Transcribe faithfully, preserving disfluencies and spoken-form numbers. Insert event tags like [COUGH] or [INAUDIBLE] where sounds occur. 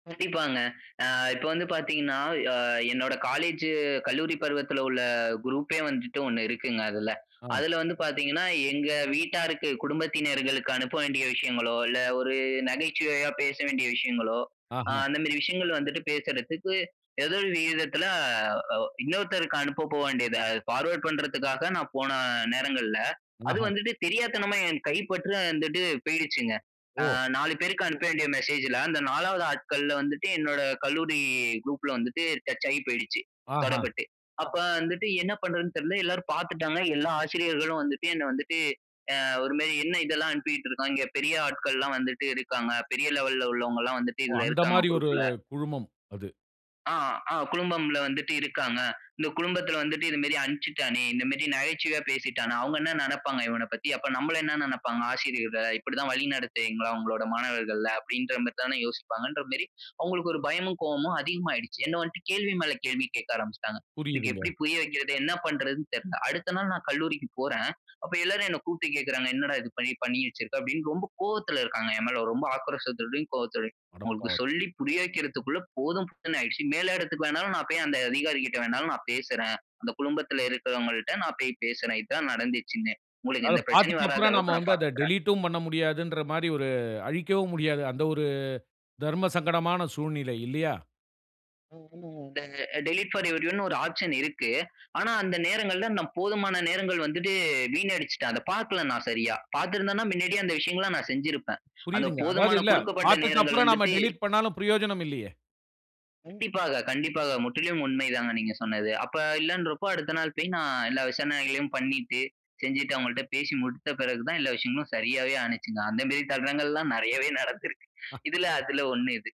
கண்டிப்பாங்க. ஆ இப்ப வந்து பார்த்தீங்கன்னா, ஆ என்னோட காலேஜ் கல்லூரி பருவத்தில்லுள்ள குரூப்பே வந்துட்டு ஒன்னு இருக்குங்க அதில. ஆ. அதில வந்து பார்த்தீங்கன்னா, எங்க வீட்டாருக்கு குடும்பத்தினர்களுக்கு அனுப்ப வேண்டிய விஷயங்களோ, இல்ல, ஒரு நகைச்சுவையா பேச வேண்டிய விஷயங்களோ அ ஆஹ. அந்த மாதிரி விஷயங்கள் வந்துட்டு, பேசறதுக்கு ஏதோ ஒரு விகிதத்தில இன்னொருத்தருக்கு அனுப்ப போக வேண்டியது, ஃபார்வர்ட் பண்றதுக்காக நான் போன நேரங்கள்ல, அது ஆஹா! வந்துட்டு தெரியாத்தனமா என் கைப்பற்று வந்துட்டு போய்ருச்சுங்க. ஆ ஓ! நாலு பேருக்கு அனுப்ப வேண்டிய மெசேஜ்ல, அந்த நாலாவது ஆட்கள்ல வந்துட்டு, என்னோட கல்லூரி குரூப்ல வந்துட்டு டச்சாகிப் போய்டுச்சு. ஆஹ. தடப்பட்டு.அப்ப வந்துட்டு என்ன பண்றதுன்னு தெரியல. எல்லோரும் பார்த்துட்டாங்க. எல்லா ஆசிரியர்களும் வந்துட்டு, "என்ன வந்துட்டு, ஆ ஒரு மாரி "என்ன இதெல்லாம் அனுப்பிக்கிட்டு இருக்கான்?" இங்க பெரிய ஆட்கள்லெல்லாம் வந்துட்டு இருக்காங்க. பெரிய லெவல்ல உள்ளவங்கெல்லாம் வந்துட்டு ஓ! இதில அந்த இருக்காங்க மாரி ஒரு குரூப்ல." குழுமம். அது. ஆ, ஆ குழுமம்ல வந்துட்டு இருக்காங்க. இந்த குழும்மத்தில வந்துட்டு இந்த மேரி அனுப்பிச்சுட்டானே, இந்த மேரி நகைச்சுவையா பேசிட்டான். அவங்கள் என்ன நெனப்பாங்க? இவனப் பத்தி, அப்போ நம்மள என்ன நெனப்பாங்க? ஆசிரியர்கள இப்படித்தான் வழி நடத்துவீங்களா, உங்களுடைய மாணவர்கள அப்படீன்ற மேரி தான யோசிப்பாங்கன்ற மேரி, அவங்களுக்கு ஒரு பயமும், கோபமும் அதிகமாடுச்சு. என்ன வந்துட்டு கேள்வி மேல கேள்வி கேட்க ஆரம்பிச்சுட்டாங்க. எனக்கு எப்படி புரியுதுங்க. புரிய வக்கிறது, என்ன பண்றதுன்னு தெரியல. அடுத்த நாள் நான் கல்லூரிக்குப் போறேன். அப்ப எல்லாரும் என்ன கூப்பிட்டு கேட்கிறாங்க "என்னடா இது பண்ணி பண்ணி வச்சிருக்க?" அப்படின்னு ரொம்ப கோவத்தில இருக்காங்க. என் மேல, ரொம்ப ஆக்ரோசத்தோடயும், கோபத்தோடையும் அவங்களுக்கு அடப்பாவமே! சொல்லி புரிய வக்கிறதுக்குள்ள போதும் போதும்னு ஆகிடுச்சு. மேல் இடத்திக்கு வேனாலும் நான் போய், அந்த அதிகாரிகள்ட வேனாலும் நான் பேசுறேன். அந்த குழுமத்தில் இருக்கிறவங்கள்ட நான் போய் பேசுறேன். "இது தான் நடந்துச்சுன்னு, உங்களுக்கு அத எந்த பிரச்சனையும் வராத பார்த்துட்டப்புறம் நம்ம அளவுக்கு நான் வந்து அத பார்த்துக்கிறேன்." டெலிட்டும் பண்ண முடியாதுன்ற மாரி ஒரு அழிக்கவும் முடியாது. அந்த ஒரு தர்ம சங்கடமான சூழ்நிலை இல்லையா? [UNINTELLIGIBLE] இந்த டெலிட் பார் எவரியோன்னு ஒரு ஆப்ஷன் இருக்கு. ஆனா, அந்த நேரங்கள்ல நான் போதுமான நேரங்கள் வந்துட்டு வீணடிச்சுட்டேன். அத பார்க்கல நான் சரியா. பார்த்திருந்தேன்னா மின்னாடியே அந்த விஷயங்களல்லா நான் செஞ்சுருப்பேன். அந்த புரியுதுங்க. அதாவது போதுமான இல்ல குடுக்கப்பட்ட பார்த்துட்டு நேரங்கள் அப்புறம் நாம வந்துட்டு டெலிட் பண்னாலும் பிரயோஜனம் இல்லையே. கண்டிப்பாக, கண்டிப்பாக. முற்றிலும் உண்மை தாங்க நீங்க சொன்னது. அப்ப இல்லன்றப்ப அடுத்த நாள் போய் நான் எல்லா விசாரணைகளையும் பண்ணிட்டு, செஞ்சுட்டு அவங்கள்ட பேசி முடித்த பெறகு தான் எல்லா விஷயங்களும் சரியாவே ஆணுச்சுங்க. அந்த மேரி தருணங்கள்லாம் நெறையவே நடந்திருக்கு. இதில அதில ஒண்ணு இது.